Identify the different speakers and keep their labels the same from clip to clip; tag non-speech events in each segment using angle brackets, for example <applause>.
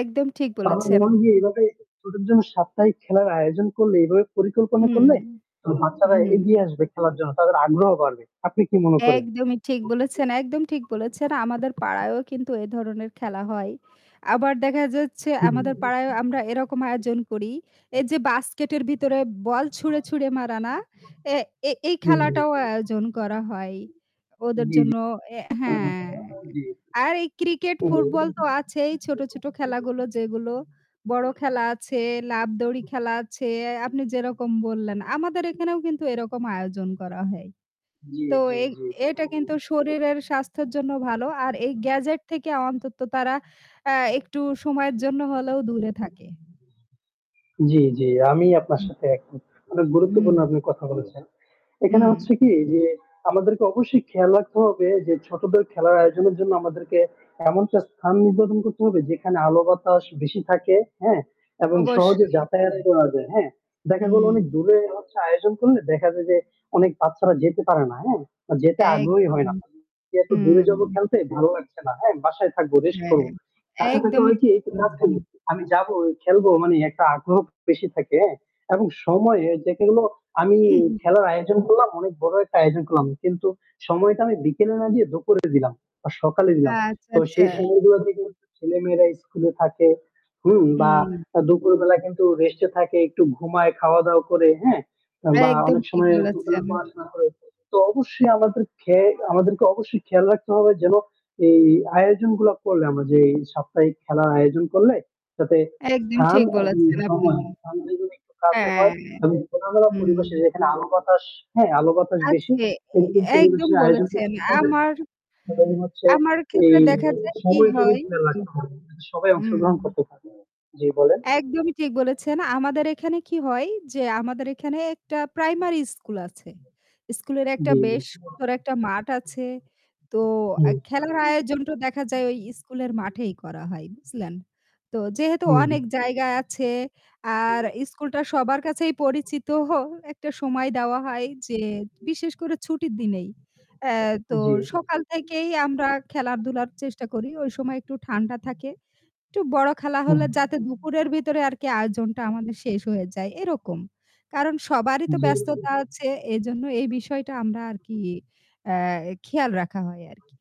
Speaker 1: একদম ঠিক বলেছেন।
Speaker 2: তারপরেও যে এভাবে ছোটদের জন্য সাপ্তাহিক খেলার আয়োজন করলে, এভাবে পরিকল্পনা
Speaker 1: হুম,
Speaker 2: করলে বাচ্চারা
Speaker 1: হুম।
Speaker 2: এগিয়ে আসবে খেলার জন্য। তাদের আগ্রহ বাড়বে। আপনি কি মনে করেন?
Speaker 1: একদমই ঠিক বলেছেন, একদম ঠিক বলেছেন। আমাদের পাড়ায়ও কিন্তু এ ধরনের খেলা হয়। আবার দেখা যাচ্ছে আমাদের
Speaker 2: হুম।
Speaker 1: পাড়ায়ও আমরা এরকম আয়োজন করি। এই যে বাস্কেটের ভিতরে বল ছুঁড়ে, ছুঁড়ে মারা না? এ এ এই
Speaker 2: জ্বী, জ্বী।
Speaker 1: খেলাটাও আয়োজন করা হয়। ওদের
Speaker 2: জ্বী, জ্বী।
Speaker 1: জন্য, এ হ্যাঁ,
Speaker 2: <unintelligible> জ্বী।
Speaker 1: আর এই ক্রিকেট,
Speaker 2: ও।
Speaker 1: ফুটবল তো আছেই ছোটো, ছোটো খেলাগুলো যেগুলো বড় খেলা আছে লাফ দৌড়ি খেলা আছে আপনি যেরকম বললেন আমাদের এখানেও কিন্তু এরকম আয়োজন করা হয়।
Speaker 2: জ্বী,
Speaker 1: তো
Speaker 2: জ্বী,
Speaker 1: এই
Speaker 2: জ্বী।
Speaker 1: এটা কিন্তু শরীরের স্বাস্থ্যের জন্য ভালো। আর এই gadget থেকে অন্তত তারা আ একটু সময়ের জন্য হলেও দূরে থাকে।
Speaker 2: জ্বী, জ্বী, আমি আপনার
Speaker 1: হুম।
Speaker 2: সাথে একমত। অনেক গুরুত্বপূর্ণ
Speaker 1: হুম।
Speaker 2: আপনি কথা বলেছেন। এখানে হচ্ছে
Speaker 1: হুম।
Speaker 2: কি যে আমাদেরকে অবশ্যই খেয়াল রাখতে হবে যে ছোটদের খেলার আয়োজনের জন্য আমাদেরকে এমনটা স্থান নির্ধারন করতে হবে যেখানে আলো-বাতাস বেশি থাকে, হ্যাঁ? এবং সহজে
Speaker 1: অবশ্যই।
Speaker 2: যাতায়াত করা যায়। হ্যাঁ? দেখা গেল অনেক
Speaker 1: হুম।
Speaker 2: দূরে হচ্ছে আয়োজন করলে দেখা যায় যে অনেক বাচ্চারা যেতে পারে না। হ্যাঁ? যেতে আগ্রহী
Speaker 1: একদম।
Speaker 2: হয় না। এত দূরে
Speaker 1: হুম।
Speaker 2: যাবো খেলতে ভালো লাগছে না। হ্যাঁ, বাসায় থাকবো, রেস্ট
Speaker 1: হ্যাঁ,
Speaker 2: করব। কাছে থাকলে
Speaker 1: একদমই
Speaker 2: হয় কি
Speaker 1: ঠিক বলেছেন।
Speaker 2: <unintelligible> আমি যাবোই, খেলবো মানে একটা আগ্রহ বেশি থাকে, হ্যাঁ? এবং সময় এই যেগুলো আমি
Speaker 1: <clears throat>
Speaker 2: খেলার আয়োজন করলাম। অনেক বড় একটা আয়োজন করলাম। কিন্তু সময়টা আমি বিকেলে না দিয়ে দুপুরে দিলাম বা সকালে দিলাম।
Speaker 1: আচ্ছা,
Speaker 2: তো
Speaker 1: আচ্ছা।
Speaker 2: সেই সময়গুলোতে কিন্তু ছেলেমেয়েরা স্কুলে থাকে, হুম? বা
Speaker 1: হুম।
Speaker 2: দুপুরবেলা কিন্তু রেস্টে থাকে একটু ঘুমায় খাওয়া দাওয়া করে, হ্যাঁ? বা
Speaker 1: একদম
Speaker 2: অনেক
Speaker 1: ঠিক
Speaker 2: সময় দুপুরে
Speaker 1: বলেছেন।
Speaker 2: পড়াশোনা করে। তো অবশ্যই আমাদের খেয়ে আমাদেরকে অবশ্যই খেয়াল রাখতে হবে যেন এই আয়োজনগুলা করলে আমরা যে এই সাপ্তাহিক খেলার আয়োজন করলে যাতে
Speaker 1: একদম
Speaker 2: স্থান
Speaker 1: ঠিক
Speaker 2: এবং
Speaker 1: বলেছেন আপনি।
Speaker 2: সময় <unintelligible> একটু কাছে
Speaker 1: হ্যাঁ।
Speaker 2: হয় এবং খোলামেলা
Speaker 1: হুম।
Speaker 2: পরিবেশে যেখানে আলো বাতাস হ্যাঁ, আলো বাতাস বেশি
Speaker 1: আছে। এ
Speaker 2: এরকম
Speaker 1: এ একদম
Speaker 2: পরিবেশে আয়োজন
Speaker 1: বলেছেন।
Speaker 2: করতে হবে
Speaker 1: আমার
Speaker 2: এবং হচ্ছে
Speaker 1: আমার
Speaker 2: এই
Speaker 1: ক্ষেত্রে দেখা যায় কি
Speaker 2: সময়ের প্রতি
Speaker 1: হয়...
Speaker 2: খেয়াল রাখতে হবে। সবাই
Speaker 1: হুম।
Speaker 2: অংশগ্রহণ করতে পারে। জ্বী বলেন?
Speaker 1: একদমই ঠিক বলেছেন। আমাদের এখানে কি হয় যে, আমাদের এখানে একটা প্রাইমারি স্কুল আছে, স্কুলের একটা
Speaker 2: জ্বী, জ্বী।
Speaker 1: বেশ সুন্দর একটা মাঠ আছে তো আ
Speaker 2: হুম।
Speaker 1: খেলার আয়োজনটা দেখা যায় ওই স্কুলের মাঠেই করা হয়, বুঝলেন? তো যেহেতু
Speaker 2: হুম, হু।
Speaker 1: অনেক জায়গা আছে আর স্কুলটা সবার কাছেই পরিচিত একটা সময় দেওয়া হয় যে বিশেষ করে ছুটির দিনেই এ তো
Speaker 2: জ্বী, জি।
Speaker 1: সকাল থেকেই আমরা খেলাধুলার চেষ্টা করি। ওই সময় একটু ঠান্ডা থাকে একটু বড় খেলা
Speaker 2: হুম।
Speaker 1: হলে যাতে দুপুরের ভিতরে আরকি আয়োজনটা আমাদের শেষ হয়ে যায় এরকম। কারণ সবারই তো
Speaker 2: জ্বী, জি।
Speaker 1: ব্যস্ততা আছে এইজন্য এই বিষয়টা আমরা আরকি আ খেয়াল রাখা হয় আরকি।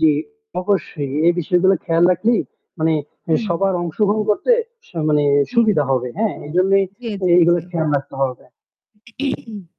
Speaker 2: জ্বী। অবশ্যই। এই বিষয়গুলো খেয়াল রাখলেই মানে
Speaker 1: হুম,
Speaker 2: সবার
Speaker 1: হুম।
Speaker 2: অংশগ্রহণ করতে স মানে
Speaker 1: হুম।
Speaker 2: সুবিধা হবে। হ্যাঁ, এইজন্যই
Speaker 1: জ্বী,
Speaker 2: এ
Speaker 1: জ্বী,
Speaker 2: এগুলো
Speaker 1: জ্বী।
Speaker 2: খেয়াল রাখতে হবে।
Speaker 1: <clears throat>